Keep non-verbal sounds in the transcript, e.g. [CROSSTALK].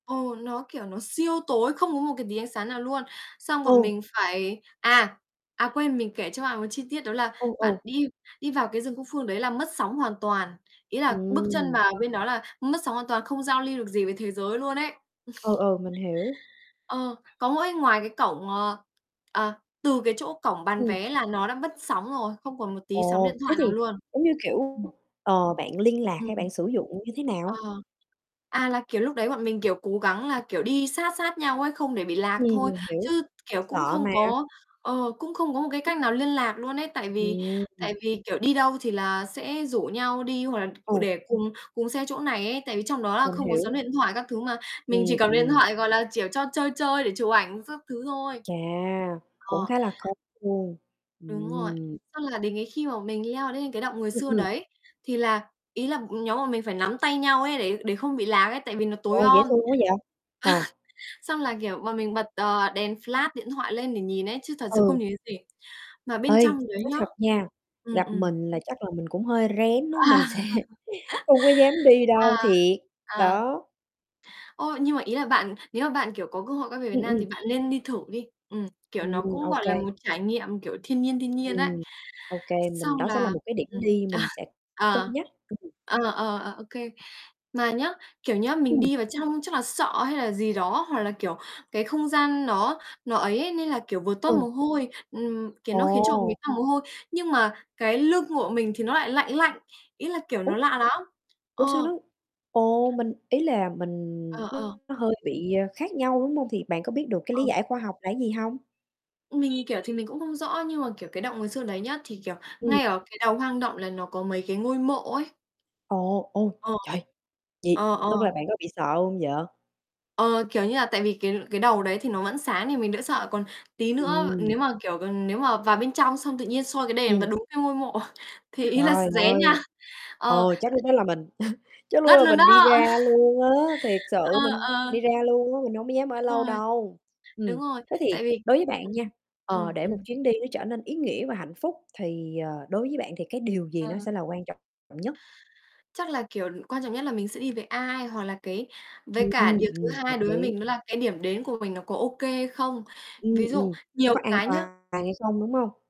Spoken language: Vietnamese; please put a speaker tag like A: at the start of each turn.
A: Ồ, nó, kiểu, nó siêu tối, không có một cái tí ánh sáng nào luôn. Xong bọn
B: Ừ.
A: mình phải à! À, quên mình kể cho bạn một chi tiết đó là
B: Ừ,
A: bạn
B: ừ.
A: đi đi vào cái rừng Cúc Phương đấy là mất sóng hoàn toàn, ý là bước chân
B: Ừm.
A: vào bên đó là mất sóng hoàn toàn không giao lưu được gì với thế giới luôn ấy.
B: Ừ,
A: [CHUCKLES]
B: ừ, mình hiểu.
A: Ờ, có mỗi ngoài cái cổng, ờ, ờ, từ cái chỗ cổng bán
B: Ừm.
A: vé là nó đã mất sóng rồi, không còn một tí sóng
B: Ồ,
A: điện
B: thế
A: thoại nào
B: thì,
A: luôn.
B: giống như, kiểu,
A: Ừm.
B: ờ, bạn liên lạc
A: Ừm,
B: hay bạn sử dụng như thế
A: ờ,
B: nào?
A: à, là, kiểu, lúc đấy bọn mình, kiểu, cố gắng là, kiểu, đi sát sát nhau ấy, không để bị
B: Ừm,
A: lạc thôi,
B: mình hiểu,
A: chứ, kiểu, cũng
B: sợ
A: không
B: mà.
A: có, ờ, cũng không có một cái cách nào liên lạc luôn ấy. Tại vì
B: Ừm.
A: tại vì, kiểu, đi đâu thì là sẽ rủ nhau đi hoặc là
B: Ồ.
A: để cùng cùng xe chỗ này ấy, tại vì trong đó là
B: Mình
A: không có sóng
B: hiểu.
A: điện thoại các thứ mà mình
B: Ừm,
A: chỉ cầm điện
B: ừm.
A: thoại, gọi là, chiểu, cho chơi chơi để chụp ảnh xác thứ thôi.
B: Chà, cũng
A: Ờ.
B: khá là khó luôn,
A: Đúng rồi,
B: ừm.
A: xong là đến cái khi mà mình leo lên cái Động Người
B: Ừm,
A: Xưa
B: ừm.
A: đấy, thì là ý là nhóm bọn mình phải nắm tay nhau ấy để để không bị lác ấy, tại vì nó
B: Trời
A: tối
B: ơi, dễ
A: om.
B: thương quá vậy, ờ.
A: [CHUCKLES] Xong là, kiểu, bọn mình bật, ờ, đèn flash điện thoại lên để nhìn ấy chứ thật sự không
B: Ừ.
A: nhìn thấy gì. Mà
B: Ê,
A: bên trong đấy
B: nói
A: nhá
B: thật nha,
A: ừm,
B: gặp
A: ừm.
B: mình là chắc là mình cũng hơi rén á,
A: À.
B: mình sẽ không có dám đi
A: [LAUGHS] à,
B: đâu, thiệt,
A: ờ.
B: đó.
A: Ô, nhưng mà ý là bạn nếu mà bạn, kiểu, có cơ hội quay về Việt
B: Ừm,
A: Nam thì
B: ừm.
A: bạn nên đi thử đi. Ừm, kiểu, nó
B: Ừm,
A: cũng,
B: ô
A: gọi là,
B: kê.
A: một trải nghiệm, kiểu, thiên nhiên, thiên nhiên ấy.
B: Ừm, ô kê mình
A: Xong
B: đó sẽ là
A: là
B: một cái điểm
A: ừm,
B: đi
A: ờ,
B: mình sẽ cân
A: ờ,
B: nhắc. Ừm.
A: ờ, ờ, ờ, ô kê. Mà nhé, kiểu nhé, mình
B: Ừm.
A: đi vào trong chắc là sợ hay là gì đó, hoặc là, kiểu, cái không gian nó nó ấy ấy, nên là, kiểu, vừa toát
B: Ừ.
A: mồ hôi, ừm, kiểu, nó khiến cho
B: Ồ.
A: mình ra mồ hôi. Nhưng mà cái lưng của mình thì nó lại lạnh lạnh, ý là, kiểu,
B: Ủa,
A: nó lạ lắm.
B: ủa sao
A: Ờ.
B: nó ồ, mình ý là mình
A: Ờ, ờ.
B: nó hơi bị khác nhau, đúng hông? Thì bạn có biết được cái lý
A: Ờ.
B: giải khoa học là cái gì hông?
A: Mình, kiểu, thì mình cũng không rõ nhưng mà, kiểu, cái Động Người Xưa đấy nhá, thì, kiểu,
B: Ừm.
A: ngay ở cái đầu hoang động là nó có mấy cái ngôi mộ ấy.
B: Ồ, ô,
A: Ờ,
B: trời! Vậy
A: ờ, ờ.
B: tức là bạn có bị sợ hông vậy?
A: Ờ, kiểu như là, tại vì cái cái đầu đấy thì nó vẫn sáng thì mình đã sợ, còn tí nữa
B: Ừm.
A: nếu mà, kiểu, còn nếu mà vào bên trong xong tự nhiên soi cái đèn và
B: Ừm.
A: đúng cái ngôi mộ thì ý là
B: Trời
A: rén nha.
B: ơi,
A: Ờ.
B: ờ, chắc lúc đó là mình [CHUCKLES] chắc lúc
A: Ngất
B: là
A: luôn đó!
B: mình đi ra luôn á. Thiệt
A: [CHUCKLES] Ờ,
B: sự mình
A: ờ.
B: đi ra luôn á, mình hông có dám ở
A: Đúng
B: lâu
A: rồi.
B: đâu.
A: Đúng
B: Ừm,
A: rồi,
B: thế thì
A: tại vì
B: đối với bạn
A: ừm,
B: nha, ờ,
A: ừm,
B: để một
A: ừm.
B: chuyến đi nó trở nên ý nghĩa và hạnh phúc thì, ờ, đối với bạn thì cái điều gì nó
A: Ờ.
B: sẽ là quan trọng nhất?
A: Chắc là, kiểu, quan trọng nhất là mình sẽ đi với ai hoặc là cái với
B: Ừm,
A: cả điều thứ
B: ừm, hợp
A: hai đối với
B: lý.
A: mình đó là cái điểm đến của mình nó có ô kê hay không.
B: Ừm,
A: Ví dụ
B: ừm, nó
A: nhiều
B: có an
A: cái nhá
B: toàn hay không, đúng hông?